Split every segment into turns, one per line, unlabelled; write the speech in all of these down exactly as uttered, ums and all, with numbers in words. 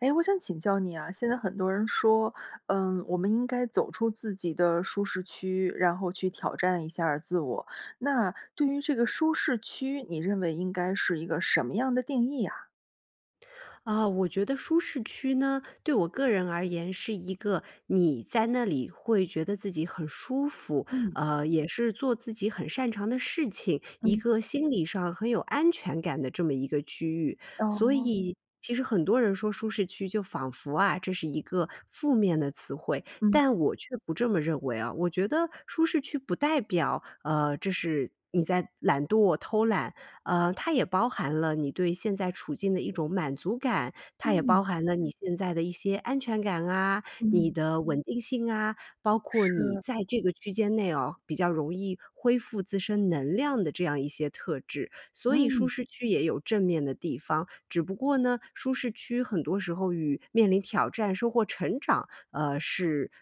诶，我想请教你呀，现在很多人说，嗯，我们应该走出自己的舒适区，然后去挑战一下儿自我。那，对于这个舒适区，你认为应该是一个什么样的定义啊？
啊，我觉得舒适区呢，对我个人而言是一个，你在那里会觉得自己很舒服，
嗯。
呃，也是做自己很擅长的事情，一
嗯。
个心理上很有安全感的这么一个区域。所
哦。
以其实很多人说舒适区就仿佛啊，这是一个负面的词汇，
嗯。
但我却不这么认为啊。我觉得舒适区不代表，呃，这是你在懒惰、偷懒。呃，它也包含了你对现在处境的一种满足感，它也包
嗯。
含了你现在的一些安全感啊、你
嗯。
的稳定性啊，包括你
是。
在这个区间内啊，比较容易恢复自身能量的这样一些特质。所以舒
嗯。
适区也有正面的地方。只不过呢，舒适区很多时候与面临挑战、收获成长，呃，是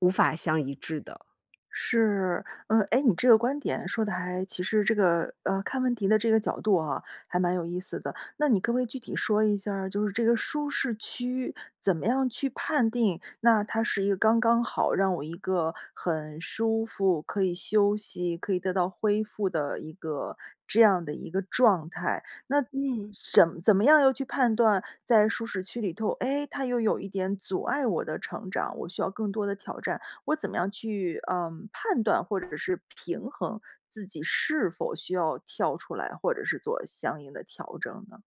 无法相一致的。
是，嗯，诶，你这个观点说得还其实这个呃，看问题的这个角度啊，还蛮有意思的。那你可不可以具体说一下儿，就是这个舒适区怎么样去判定，那它是一个刚刚好让我一个很舒服、可以休息、可以得到恢复的一个这样的一个状态？那
嗯。
枕怎么样又去判断在舒适区里头，诶，它又有一点阻碍我的成长，我需要更多的挑战？我怎么样去，呃，判断或者是平衡，自己是否需要跳出来，或者是做相应的调整呢？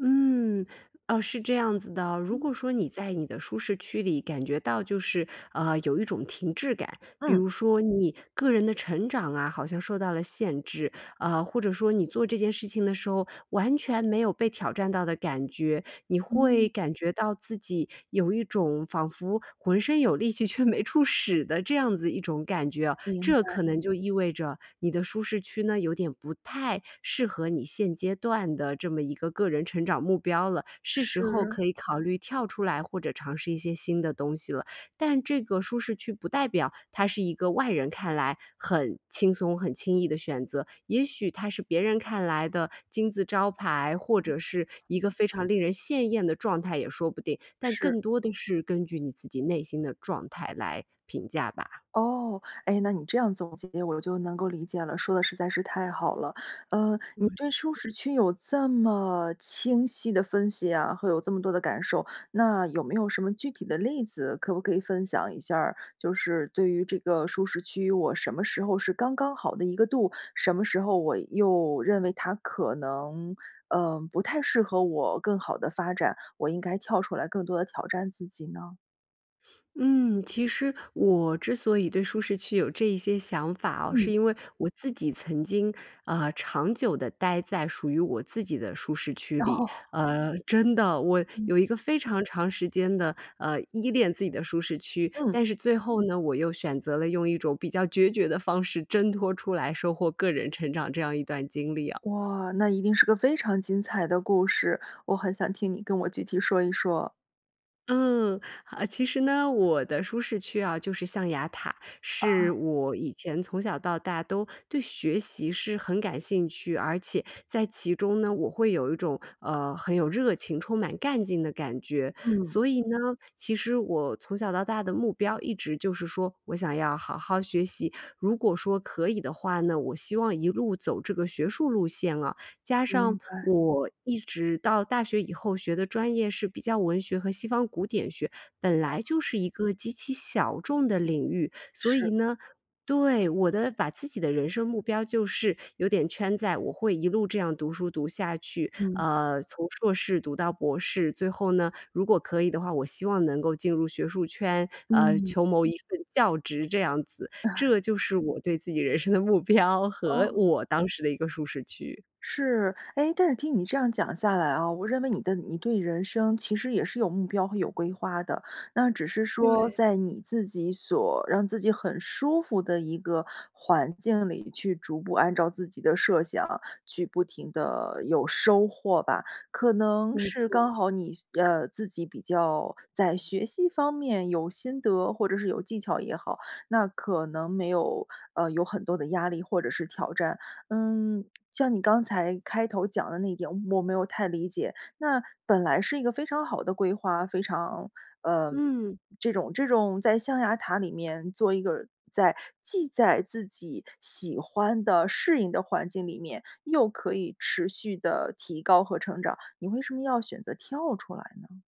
嗯，啊，是这样子的，如果
嗯。
说你在你的舒适区里感觉到就是，呃，有一种停滞感，比
嗯。
如说你个人的成长啊，好像受到了限制，啊，或者说你做这件事情的时候，完全没有被挑战到的感觉，你会
嗯。
感觉到自己有一种仿佛浑身有力气却没处使的这样子一种感觉啊，
明
这
白。
可能就意味着你的舒适区呢，有点不太适合你现阶段的这么一个个人成长目标了，是时候
是。
可以考虑跳出来或者尝试一些新的东西了。但这个舒适区不代表它是一个外人看来很轻松、很轻易的选择，也许它是别人看来的金字招牌，或者是一个非常令人羡艳的状态也说不定，但
是。
更多的是根据你自己内心的状态来评价吧。
哦，诶，那你这样总结我就能够理解了，说得实在是太好了。呃，你
嗯。
对舒适区有这么清晰的分析啊，会有这么多的感受，那有没有什么具体的例子，可不可以分享一下儿？就是对于这个舒适区，我什么时候是刚刚好的一个度，什么时候我又认为它可能，呃，不太适合我更好的发展，我应该跳出来更多地挑战自己呢？
嗯，其实我之所以对舒适区有这一些想法啊，是
嗯。
因为我自己曾经，呃，长久地待在属于我自己的舒适区里。
哦。
呃，真的，我
嗯。
有一个非常长时间的，呃，依恋自己的舒适区。
嗯。
但是最后呢，我又选择了用一种比较决绝的方式挣脱出来，收获个人成长这样一段经历啊。
哇，那一定是个非常精彩的故事，我很想听你跟我具体说一说。
嗯，啊，其实呢，我的舒适区啊就是象牙塔。是
啊。
我以前从小到大都对学习是很感兴趣，而且在其中呢，我会有一种，呃，很有热情、充满干劲的感觉。
嗯。
所以呢，其实我从小到大的目标一直就是说，我想要好好学习。如果说可以的话呢，我希望一路走这个学术路线了。加上
明白。
我一直到大学以后学的专业是比较文学和西方古典学，本来
哦。
就是一个极其小众的领域。所以
是。
呢对，我的把自己的人生目标就是有点圈在我会一路这样读书读下去，
嗯。
呃，从硕士读到博士。最后呢，如果可以的话，我希望能够进入学术圈，呃，
嗯。
求谋一份教职这样子。这就是我对自己人生的目标，和
哦。
我当时的一个舒适区。
是，诶，但是听你这样讲下来啊，我认为你的你对于人生其实也是有目标和有规划的。那只是说
对。
在你自己所让自己很舒服的一个环境里，去逐步按照自己的设想，去不停地有收获吧。可能
没
是
错。
刚好你呃，自己比较在学习方面有心得，或者是有技巧也好，那可能没有，呃，有很多的压力或者是挑战。嗯，像你刚才开头讲的那一点，我没有太理解。那本来是一个非常好的规划，非常呃，
嗯。
这种这种在象牙塔里面做一个在既在自己喜欢的、适应的环境里面，又可以持续地提高和成长，你为什么要选择跳出来呢？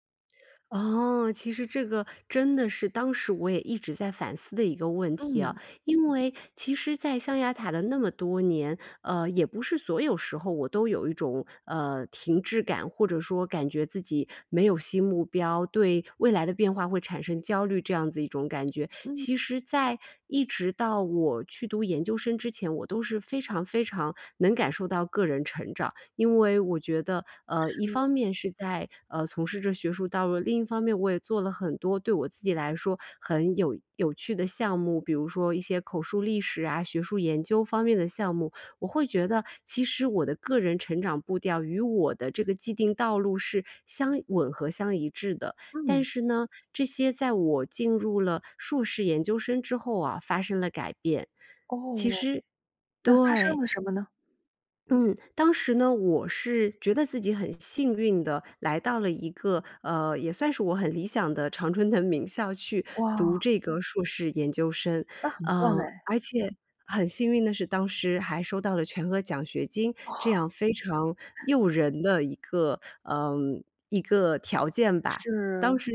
哦，其实这个真的是当时我也一直在反思的一个问题啊。
嗯。
因为其实在象牙塔的那么多年，呃，也不是所有时候我都有一种，呃，停滞感，或者说感觉自己没有新目标，对未来的变化会产生焦虑，这样子一种感觉。
嗯。
其实在一直到我去读研究生之前，我都是非常非常能感受到个人成长。因为我觉得，呃，一
是。
方面是在，呃，从事着学术道路，另一方面我也做了很多对我自己来说很有有趣的项目。比如说一些口述历史啊，学术研究方面的项目，我会觉得，其实我的个人成长步调与我的这个既定道路是相一吻合、相一致的。但
嗯。
是呢，这些在我进入了硕士研究生之后啊，发生了改变。其
哦。
实
那发生
对
了什么呢？
嗯，当时呢，我是觉得自己很幸运地来到了一个，呃，也算是我很理想的常春藤名校去读
哇！
这个硕士研究生。
那很棒
嗯，
哎。
而且很幸运的是，当时还收到了全额奖学金，这
哦。
样非常诱人的一个呃，一个条件吧。当
是。
时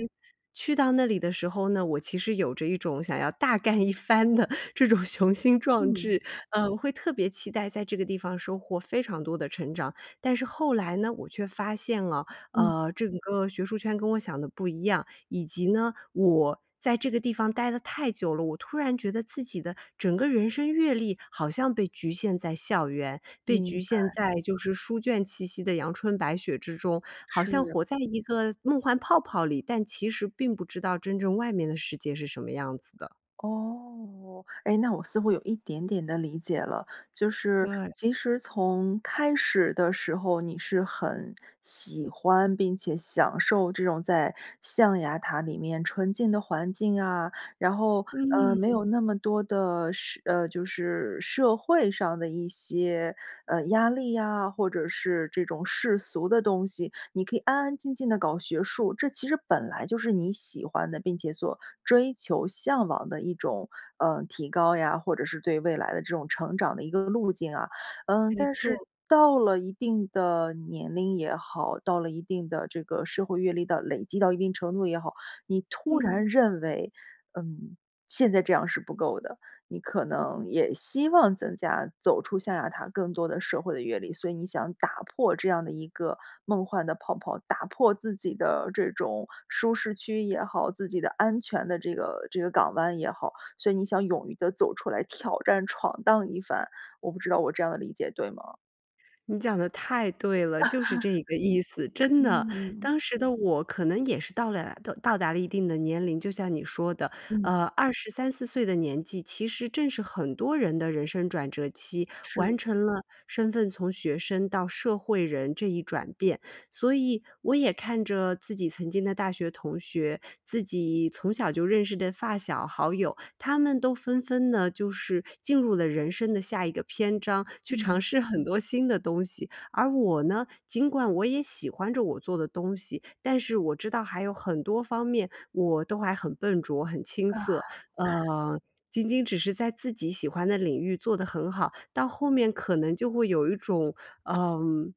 去到那里的时候呢，我其实有着一种想要大干一番的这种雄心壮
嗯。
志，呃，会特别期待在这个地方收获非常多的成长。但是后来呢，我却发现啊，
嗯。
呃，这个学术圈跟我想的不一样。以及呢，我在这个地方待得太久了，我突然觉得自己的整个人生阅历好像被局限在校园，被局
明
限
白。
在就是书卷气息的阳春白雪之中，好像
是。
活在一个梦幻泡泡里，但其实并不知道真正外面的世界是什么样子的。
哦，诶，那我似乎有一点点地理解了。就是
对。
其实从开始的时候，你是很喜欢并且享受这种在象牙塔里面纯净的环境啊，然后，呃，没
嗯。
有那么多的社呃，就是社会上的一些，呃，压力呀，或者是这种世俗的东西。你可以安安静静地搞学术，这其实本来就是你喜欢的，并且所追求向往的一种，呃，提高呀，或者是对未来的这种成长的一个路径啊。嗯，
没
但是
错。
到了一定的年龄也好，到了一定的这个社会阅历到累积到一定程度也好，你突
嗯。
然认为，嗯，现在这样是不够的，你可能也希望增加走出象牙塔更多的社会的阅历，所以你想打破这样的一个梦幻的泡泡，打破自己的这种舒适区也好，自己的安全的这个这个港湾也好。所以你想勇于地走出来挑战闯荡一番，我不知道我这样的理解对吗？
你讲得太对了，就是这一个意思，真的。
嗯。
当时的我可能也是到了到到达了一定的年龄，就像你说的，
嗯。
呃，二十三四岁的年纪，其实正是很多人的人生转折期，
是。
完成了身份从学生到社会人这一转变。所以我也看着自己曾经的大学同学，自己从小就认识的发小好友，他们都纷纷呢，就是进入了人生的下一个篇章，去
嗯。
尝试很多新的东西。而我呢，尽管我也喜欢着我做的东西，但是我知道还有很多方面我都还很笨拙、很青
啊。
涩。呃，仅仅只是在自己喜欢的领域做得很好，到后面可能就会有一种，嗯，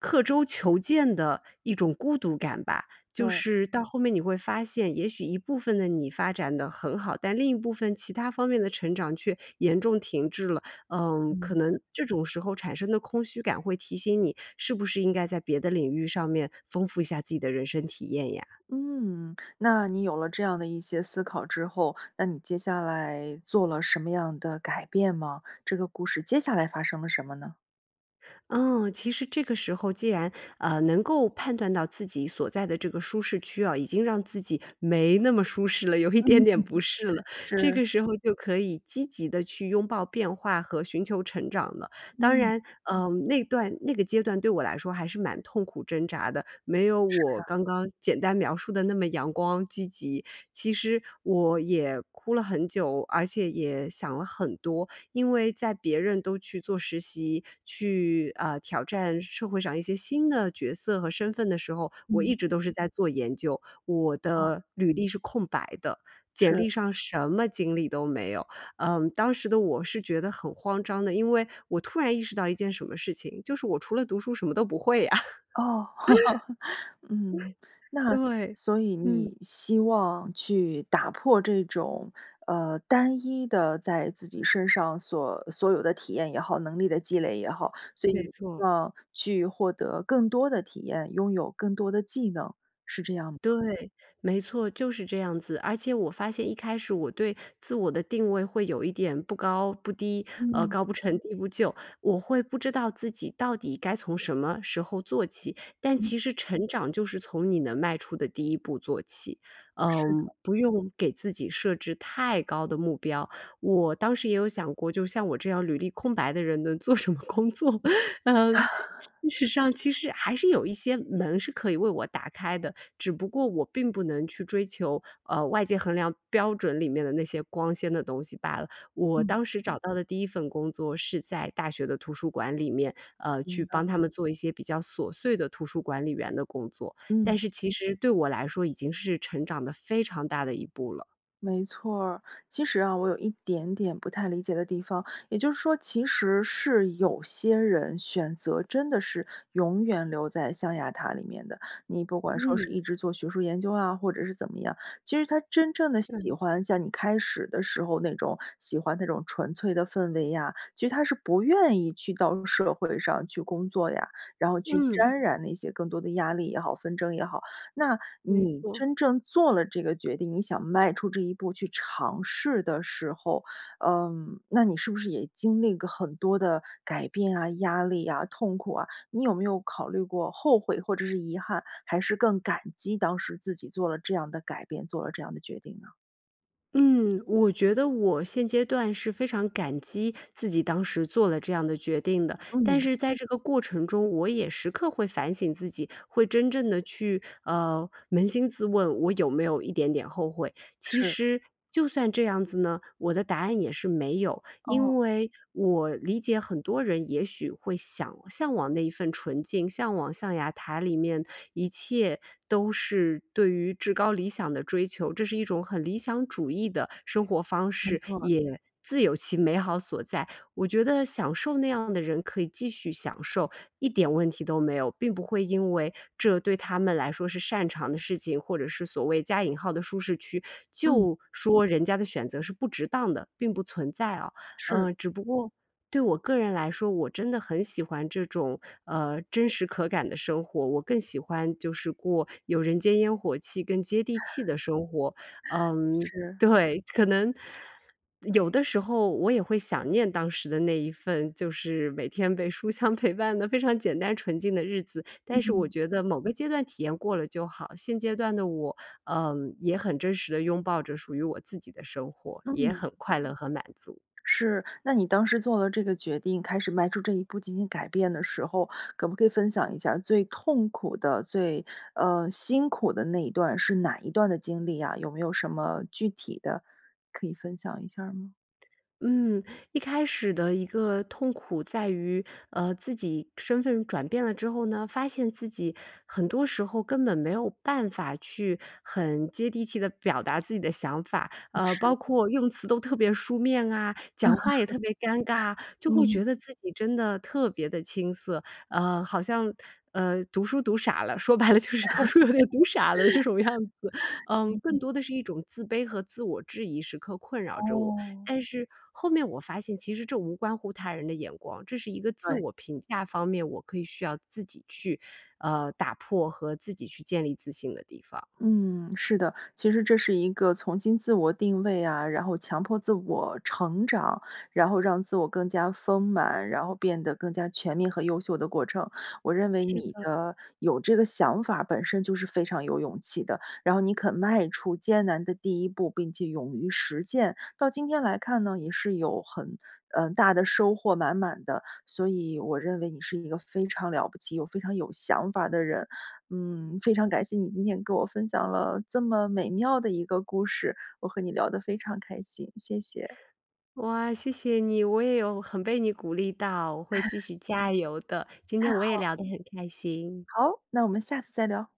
刻舟求剑的一种孤独感吧。就
对。
是到后面你会发现，也许一部分的你发展得很好，但另一部分其他方面的成长却严重停滞了。嗯，可
嗯。
能这种时候产生的空虚感会提醒你，是不是应该在别的领域上面丰富一下自己的人生体验呀？
嗯，那你有了这样的一些思考之后，那你接下来做了什么样的改变吗？这个故事接下来发生了什么呢？
嗯，其实这个时候既然，呃，能够判断到自己所在的这个舒适区啊，已经让自己没那么舒适了，有一
嗯
点
嗯-
点
嗯，
不适了，这
是。
个时候就可以积极地去拥抱变化和寻求成长了。当
嗯。
然，呃，那段那个阶段对我来说还是蛮痛苦挣扎的，没有
是
我
啊。
刚刚简单描述的那么阳光积极。其实我也哭了很久，而且也想了很多。因为在别人都去做实习，去，呃，挑战社会上一些新的角色和身份的时候，我
嗯。
一直都是在做研究。我
哦。
的履历是空白的，简
是。
历上什么经历都没有。嗯，当时的我是觉得很慌张的，因为我突然意识到一件什么事情，就是我除了读书什么都不会啊。
哦，嗯。那
对，
所以
嗯。
你希望去打破这种，呃，单一的在自己身上所所有的体验也好、能力的积累也好。所以你
没错
希
儿。
望去获得更多的体验、拥有更多的技能，是这样吗？
对，没错，就是这样子。而且我发现一开始我对自我的定位会有一点不高不低，呃，
嗯。
高不成低不就。我会不知道自己到底该从什么时候做起。但
嗯。
其实成长就是从你能迈出的第一步做起，
是的。
嗯，不用给自己设置太高的目标。我当时也有想过，就像我这样履历空白的人能做什么工作？呃，其实上其实还是有一些门是可以为我打开的，只不过我并不能去追求，呃，外界衡量标准里面的那些光鲜的东西罢了。我
嗯。
当时找到的第一份工作是在大学的图书馆里面，呃，去
明白。
帮他们做一些比较琐碎的图书管理员的工作。
嗯。
但是其实对我来说已经是成长得非常大的一步了。
没错儿。其实啊，我有一点点不太理解的地方。也就是说其实是有些人选择真的是永远留在象牙塔里面的，你不管说
嗯。
是一直做学术研究啊，或者是怎么样。其实他真正地
对。
喜欢像你开始的时候那种喜欢那种纯粹的氛围呀，其实他是不愿意去到社会上去工作呀，然后去
嗯。
沾染那些更多的压力也好、纷争也好。那
没
你
错。
真正做了这个决定，你想迈出这一步去尝试的时候，嗯，那你是不是也经历个很多的改变啊、压力啊、痛苦啊？你有没有考虑过后悔或者是遗憾，还是更感激当时自己做了这样的改变、做了这样的决定呢？
嗯，我觉得我现阶段是非常感激自己当时做了这样的决定的。但
嗯。
是在这个过程中，我也时刻会反省自己，会真正地去，呃，扪心自问我有没有一点点后悔。其
是。
实就算这样子呢，我的答案也是没有。
哦。
因为我理解很多人也许会想向往那一份纯净，向往象牙塔里面，一切都是对于至高理想的追求。这是一种很理想主义的生活方
没
式，
错儿。
也自有其美好所在。我觉得享受那样的人可以继续享受，一点问题都没有，并不会因为这对他们来说是擅长的事情，或者是所谓加引号的舒适区，
嗯。
就说人家的选择是不值当的，并不存在啊。
是。
呃，只不过，对我个人来说，我真的很喜欢这种，呃，真实可感的生活，我更喜欢就是过有人间烟火气、更接地气的生活。嗯
是。
对，可能有的时候我也会想念当时的那一份，就是每天被书香陪伴的非常简单纯净的日子，但是我
嗯。
觉得某个阶段体验过了就好。现阶段的我，呃，也很真实地拥抱着属于我自己的生活，也
嗯。
很快乐和满足。
是，那你当时做了这个决定，开始迈出这一步进行改变的时候，可不可以分享一下儿最痛苦的，最呃，辛苦的那一段是哪一段的经历啊，有没有什么具体的可以分享一下儿吗？
嗯，一开始的一个痛苦在于，呃，自己身份转变了之后呢，发现自己很多时候根本没有办法去很接地气地表达自己的想法。呃，包
是。
括用词都特别书面啊，讲话也特别尴尬，就会
嗯。
觉得自己真的特别地青涩。呃，好像，呃，读书读傻了，说白了就是读书有 点读傻了的这种样子。嗯，更
嗯。
多的是一种自卑和自我质疑时刻困扰着我，
哦。
但是后面我发现其实这无关乎他人的眼光，这是一个自
对。
我评价方面，我可以需要自己去，呃，打破和自己去建立自信的地方。
嗯，是的。其实这是一个重新自我定位啊，然后强迫自我成长，然后让自我更加丰满，然后变得更加全面和优秀的过程。我认为
是
你
的。
的有这个想法儿本身就是非常有勇气的，然后你肯迈出艰难的第一步，并且勇于实践。到今天来看呢，也是有很，嗯，大的收获满满的。所以我认为你是一个非常了不起又非常有想法的人，嗯，非常感谢你今天跟我分享了这么美妙的一个故事，我和你聊得非常开心，谢谢。
哇，谢谢你。我也有很被你鼓励到，我会继 续加油的。今
太
天我也
好
聊得很开心。
好，那我们下次再聊。